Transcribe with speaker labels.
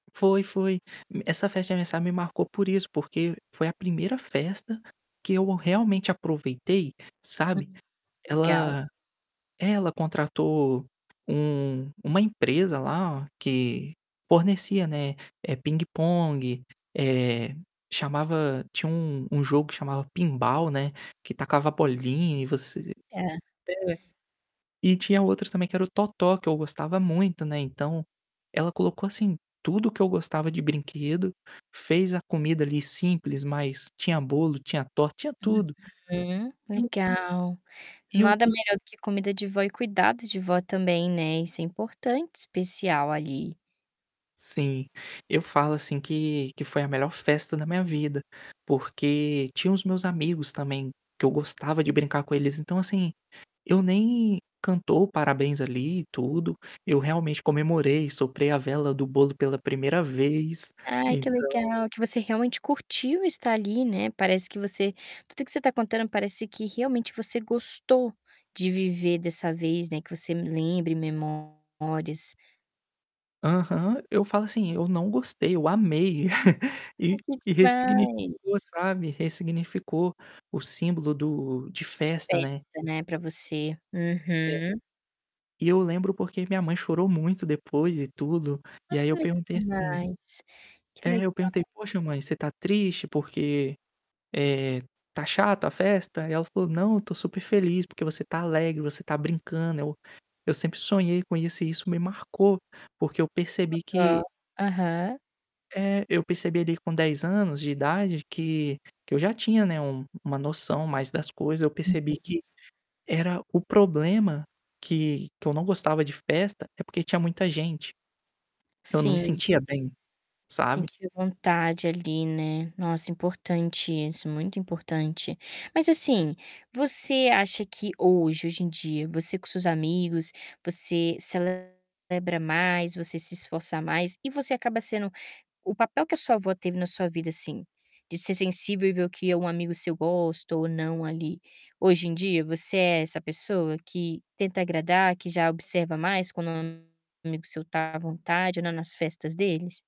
Speaker 1: Foi, foi. Essa festa de aniversário me marcou por isso, porque foi a 1ª festa que eu realmente aproveitei,
Speaker 2: Hum,
Speaker 1: sabe.
Speaker 2: legal.
Speaker 1: Ela é, ela contratou um uma empresa lá, que fornecia, né, eh, pingue-pongue, eh, chamava tinha um um jogo que chamava Pinball, né, que tacava bolinha e você
Speaker 2: É.
Speaker 1: é. E tinha outros, também, que era o totó, que eu gostava muito, né, então ela colocou, assim, tudo o que eu gostava de brinquedo. Fez a comida, ali, simples, mas tinha bolo, tinha torta, tinha tudo.
Speaker 2: Uhum,
Speaker 1: E o
Speaker 2: legal.
Speaker 1: E o
Speaker 2: Nada
Speaker 1: que
Speaker 2: melhor do que comida de vó e cuidado de vó também, né, isso é importante, especial, ali.
Speaker 1: Sim, eu falo assim, que que foi a melhor festa da minha vida, porque tinha os meus amigos, também, que eu gostava de brincar com eles. Então, assim, eu nem cantou parabéns, ali, e tudo, eu realmente comemorei, soprei a vela do bolo pela 1ª vez,
Speaker 2: Aí, que
Speaker 1: então
Speaker 2: legal que você realmente curtiu estar ali, né. Parece que você tudo o que você está contando parece que realmente você gostou de viver dessa vez, né, que você lembre memórias.
Speaker 1: Aham. Eu falo assim: "Eu não gostei, eu amei". E
Speaker 2: Oh, que
Speaker 1: e ressignificou,
Speaker 2: demais.
Speaker 1: sabe, ressignificou o símbolo do de festa, né.
Speaker 2: Festa, né, pra você.
Speaker 1: É.
Speaker 2: Uhum.
Speaker 1: E eu lembro porque minha mãe chorou muito depois e tudo, e aí eu
Speaker 2: Ai,
Speaker 1: perguntei
Speaker 2: que
Speaker 1: assim
Speaker 2: demais. Que
Speaker 1: É, eu
Speaker 2: legal!
Speaker 1: perguntei: "Poxa, mãe, você está triste? Por quê, eh, está chata a festa?" E ela falou: "Não, eu estou super feliz porque você está alegre, você está brincando. Eu eu sempre sonhei com isso". E isso me marcou, porque eu
Speaker 2: Oh,
Speaker 1: percebi que
Speaker 2: dó. Aham.
Speaker 1: É, eu percebi ali, com 10 anos de idade, que que eu já tinha, né, uma uma noção maior das coisas. Eu percebi
Speaker 2: Uhum.
Speaker 1: que era o problema que que eu não gostava de festa é porque tinha muita gente. Eu não me
Speaker 2: Sim.
Speaker 1: sentia bem,
Speaker 2: Se
Speaker 1: sabe?
Speaker 2: sentia à vontade, ali, né. Nossa, importante isso, muito importante. Mas, assim, você acha que hoje hoje em dia, você com seus amigos, você celebra mais, você se esforça mais e você acaba sendo o papel que a sua avó teve na sua vida, assim, de ser sensível e ver o que um amigo seu gosta ou não ali? Hoje em dia, você é essa pessoa que tenta agradar, que já observa mais, quando um amigo seu está à vontade ou não nas festas deles?